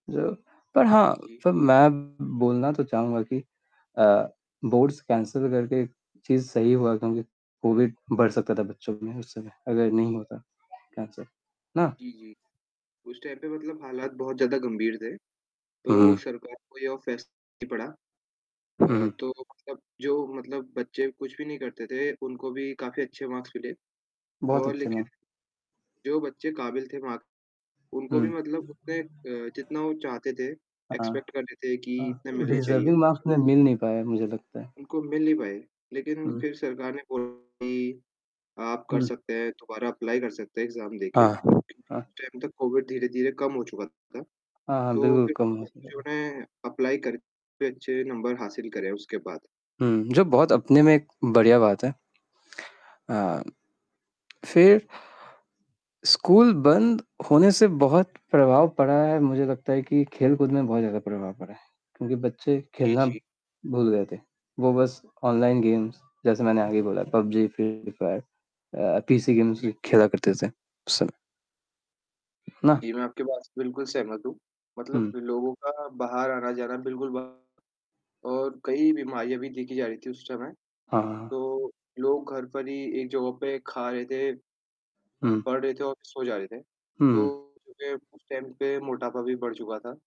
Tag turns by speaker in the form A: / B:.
A: जो पर हाँ,
B: जी, जी।
A: सर मैं बोलना तो चहूँगा कि अ, बोर्ड्स कैंसल करके चीज़ सही हुआ क्योंकि कोविड बढ़ सकता था बच्चों में, उस समय अगर नहीं होता, कैन्सल, ना?
B: जी, जी, उस टाइम पे मतलब हालात बहुत ज़्यादा गंभीर थे, तो
A: हुँ।
B: सरकार को यह फ़ैस पड़ा
A: हुँ,
B: अ,
A: हुँ।
B: तो मतलब जो मतलब बच्चे कुछ भी नहीं करते थे, उनको भी काफ़ी अच्छे मार्क्स मिले
A: बहुत
B: और
A: अच्छे मा
B: लेकिन जो बच्चे काबिल थे मार्क्स उनको भी
A: हुँ।
B: मतलब उतने अ, जितना वो चाहते थे,
A: हाँ,
B: एक्स्पेक्ट करते थे कि
A: अ,
B: इतने मिलने चाहिए
A: डिज़र्विंग मार्क्स में मिल नहीं पाए मुझे लगता है।
B: उनको मिल नहीं पाए। लेकिन
A: हुँ।
B: फिर सरकार ने बोला कि, "आप कर
A: हुँ।
B: सकते हैं, दोबारा अप्लाई कर सकते हैं एग्जाम देके,"
A: हाँ, हाँ।
B: उस टाइम तक कोविड धीरे-धीरे कम हो चुका था।
A: हाँ, हाँ,
B: तो
A: बिल्कुल
B: फिर
A: कम हो सकता
B: बच्चों
A: था।
B: ने अप्लाई करके अच्छे नंबर हासिल करें उसके बाद।
A: हुँ, जो बहुत अपने में एक बढ़िया बात है। अ, फिर स्कूल बंद होने से बहुत प्रभाव पड़ा है, मुझे लगता है कि खेल-कूद में बहुत ज़्यादा प्रभाव पड़ा है, क्योंकि बच्चे
B: जी,
A: खेलना
B: जी।
A: भूल गए थे। वो बस ऑनलाइन गेम्स, जैसे मैंने आगे बोला पबजी, फ्री फायर अ, पीसी गेम्स
B: जी, जी।
A: खेला करते थे, उस समय। ना?
B: जी, मैं आपकी बात से बिल्कुल सहमत हूँ, मतलब
A: हुँ।
B: लोगों का बाहर आना-जाना बिल्कुल बंद और कई बीमारियाँ भी देखी जा रही थी उस समय,
A: हाँ, हाँ, हाँ।
B: तो लोग घर पर ही एक जगह पे खा रहे थे, अ,
A: हुँ।
B: पढ़ रहे थे और सो जा रहे थे,
A: हुँ, हुँ।
B: तो कि उस टाइम पे मोटापा भी बढ़ चुका था।